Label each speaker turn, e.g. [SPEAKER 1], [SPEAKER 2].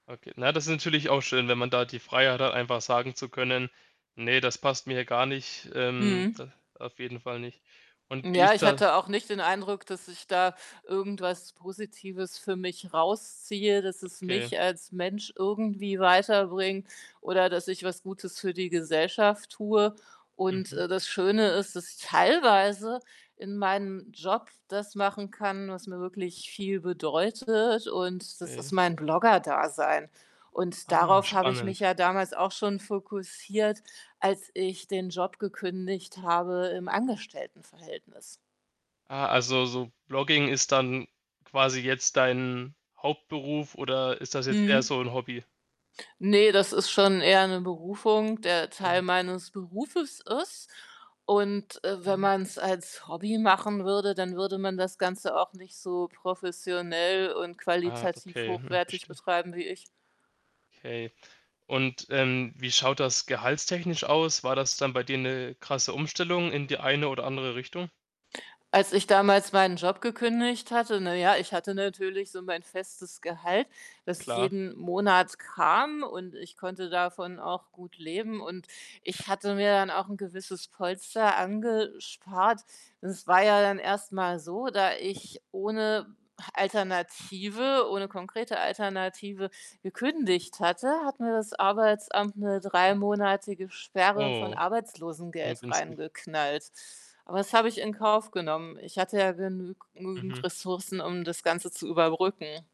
[SPEAKER 1] Okay. Na, das ist natürlich auch schön, wenn man da die Freiheit hat, einfach sagen zu können: „Ne, das passt mir hier gar nicht, ähm,
[SPEAKER 2] Mhm.
[SPEAKER 1] da auf jeden Fall nicht.“ Und wie
[SPEAKER 2] Ja,
[SPEAKER 1] ist
[SPEAKER 2] ich
[SPEAKER 1] da
[SPEAKER 2] hatte auch nicht den Eindruck, dass ich da irgendwas Positives für mich rausziehe, dass es
[SPEAKER 1] Okay.
[SPEAKER 2] mich als Mensch irgendwie weiterbringt oder, dass ich was Gutes für die Gesellschaft tue und,
[SPEAKER 1] Mhm.
[SPEAKER 2] äh, das Schöne ist, dass ich teilweise in meinem Job das machen kann, was mir wirklich viel bedeutet und das ist
[SPEAKER 1] Okay.
[SPEAKER 2] mein Blogger-Dasein. Und
[SPEAKER 1] Ah,
[SPEAKER 2] darauf habe ich mich
[SPEAKER 1] spannend.
[SPEAKER 2] ja damals auch schon fokussiert, als ich den Job gekündigt habe im Angestelltenverhältnis.
[SPEAKER 1] Ah, also, so Blogging ist dann quasi jetzt dein Hauptberuf oder ist das jetzt eher
[SPEAKER 2] Mhm.
[SPEAKER 1] so 'n Hobby?
[SPEAKER 2] Ne, das ist schon eher 'ne Berufung, der
[SPEAKER 1] Okay.
[SPEAKER 2] Teil meines Berufes ist und, äh, wenn
[SPEAKER 1] Okay.
[SPEAKER 2] man's als Hobby machen würde, dann würde man das Ganze auch nicht so professionell und
[SPEAKER 1] Ah,
[SPEAKER 2] qualitativ
[SPEAKER 1] okay. Hm,
[SPEAKER 2] hochwertig
[SPEAKER 1] verstehe.
[SPEAKER 2] betreiben wie ich.
[SPEAKER 1] Okay. Und, ähm, wie schaut das gehaltstechnisch aus? War das dann bei dir 'ne krasse Umstellung in die eine oder andere Richtung?
[SPEAKER 2] Als ich damals meinen Job gekündigt hatte, na ja, ich hatte natürlich so mein festes Gehalt, das
[SPEAKER 1] Klar.
[SPEAKER 2] jeden Monat kam, und ich konnte davon auch gut leben und ich hatte mir dann auch 'n gewisses Polster angespart. Das war ja dann erst mal so, da ich ohne Alternative ohne konkrete Alternative gekündigt hatte, hat mir das Arbeitsamt 'ne drei-monatige Sperre von
[SPEAKER 1] Oh.
[SPEAKER 2] Arbeitslosengeld
[SPEAKER 1] Ungünstig.
[SPEAKER 2] reingeknallt. Aber das habe ich in Kauf genommen. Ich hatte ja genügend genüg nügend
[SPEAKER 1] Mhm.
[SPEAKER 2] Ressourcen, um das Ganze zu überbrücken.